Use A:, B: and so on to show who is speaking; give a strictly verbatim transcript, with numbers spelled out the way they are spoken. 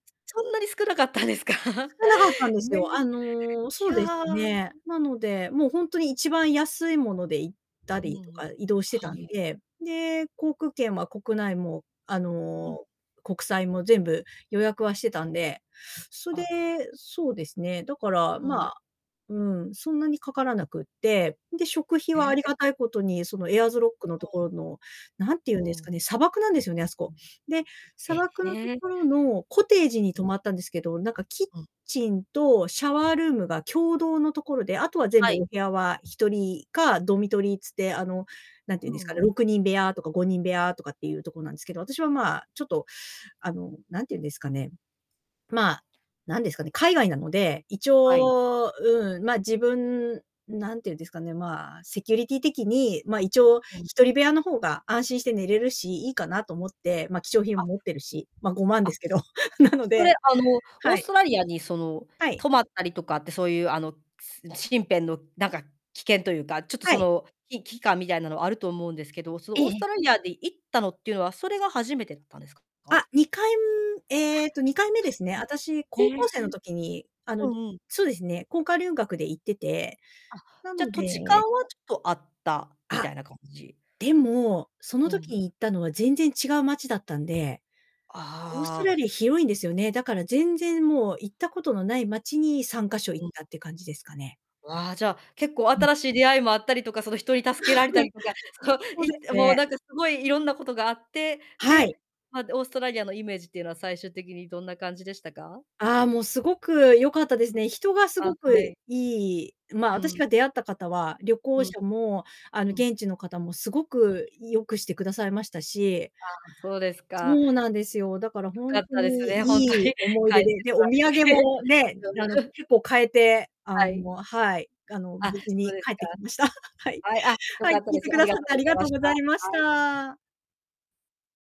A: そんなに少なかったんですか。
B: え、少なかったんです
A: ね
B: よ。
A: んり
B: あ
A: い
B: の、そうです
A: や。
B: ね。なので、もうほんとに一番安い物で行った
A: う
B: りと
A: ん、
B: か、移動して
A: は
B: たん
A: い。
B: で。で、航空券は国内も、あ
A: うん。
B: の、国際も全部予約はしてたんで、そ、で、
A: あ。
B: そうですね、だから、
A: う
B: ま
A: ん。
B: あ、うん、そんなにかからなくって。で、食費
A: え
B: は、あ
A: え、
B: り
A: え
B: がたいことに、その、エアーズロックの
A: あ
B: とこ
A: あ。
B: ろの、なんて言
A: う
B: うんですか
A: ん。
B: ね、砂漠なんですよね、あすこ。で、
A: え、
B: 砂漠の
A: へえ。
B: 所のコテージに
A: うん。
B: 泊まったんですけど、なんかキッ
A: うん。
B: チンとシャワールームが共同のところで、あとは全
A: は
B: 部、
A: い。
B: お部屋は、ひとりか、ドミトリーつって、あの、なんて
A: う
B: 言うん
A: ん
B: です
A: う
B: か
A: ん。
B: ね、ろくにん部屋とかごにん部
A: わ。
B: 屋とかっていうとこなんすけど、私は、まあ、ちょっと、あの、なんて言うんですかね、まあ、なんですかね、海外なので、一
A: はい。
B: 応、うん、ま、自分なんて言うんですかね、まあ、セキュリティ的に、ま、一応、
A: うん。
B: ひとり部屋の方が安心して寝れるし、いいかなと思って、ま、貴重品
A: あ。
B: も持ってるし、ま、ごまんで
A: あ、
B: すけど、なの
A: それ、
B: で
A: あの、オー
B: は
A: ス
B: い。
A: トラリアに、その、
B: はい。
A: 泊まったりとかって、そういう、あの、つな、身辺のなんか、危険というか、ちょっと、
B: は
A: そ
B: い。
A: の、いき感みたいなのあると思うんですけど、そ
B: え
A: の、
B: え
A: オー
B: え
A: ス
B: え。
A: トラリアで、行ったのっていうのは、それが初めてだったんですかか？
B: あ、にかい、むえっと、にかいめですね、あたし、
A: あ。はい、
B: 高
A: うん。へえ。
B: 校生の時に、あの、
A: う
B: り
A: んうん。
B: つうですね、こんか留学で行ってて、
A: あ、
B: な
A: じゃ、
B: の
A: 土地勘
B: で
A: はちょっとあった、み
B: あ。
A: たいな感じ。
B: でも、その
A: うん。
B: 時に行ったのは全然違う街だったんで。オース
A: あ
B: トラ
A: あ。
B: リア広いんですよね、だから全
A: あす
B: 然
A: は。
B: もう行ったことのない街に、さんかしょ行
A: ぐ
B: っ
A: ん。
B: たって感じですかね。
A: うわ、じゃ、結構
B: うん。
A: 新しい出会いもあったりとか、その、人に助けられた りとか、そう、
B: そうで
A: 行っ
B: す
A: て、もう、
B: ね。
A: なんかすごいいろんなことがあって、
B: はい。
A: で、ま、で、オーストラリアのイメージっていうのは、最終的にどんな感じでしたか？
B: ああ、もう凄く良かったですね。人が
A: あ、
B: 凄く
A: は
B: い
A: い。
B: いいまあ、
A: う
B: あたし
A: ん。
B: が出会った方は、旅行
A: うん。
B: 者も、あの、
A: うん。
B: 現地の方もすごく良くしてくださいましたし
A: ああ、そうです
B: そ
A: か。
B: うなんですよ。だから
A: 良
B: ほ
A: か
B: ん
A: っ
B: と
A: たです
B: に
A: ね、ほんと
B: いい
A: に、
B: 思い
A: 帰っ
B: 出
A: て
B: で、で、
A: こ
B: お
A: ら
B: 土
A: れ
B: 産
A: て。
B: もね、
A: よむ
B: あの、
A: ふ
B: 結構買えて、あ
A: はい。
B: の、はい、がの、無
A: あ、
B: 事
A: そ
B: に
A: です
B: 帰ってきました。はい。
A: か。はい、あ、良
B: はい、
A: か
B: 聞
A: った
B: い
A: で
B: て
A: す。
B: く
A: あ
B: だ
A: り
B: さ
A: が
B: っ
A: と
B: て
A: う
B: あ
A: ご
B: り
A: ざい
B: が
A: ま
B: とう
A: し
B: ご
A: た。
B: ざいまし
A: はい。
B: た。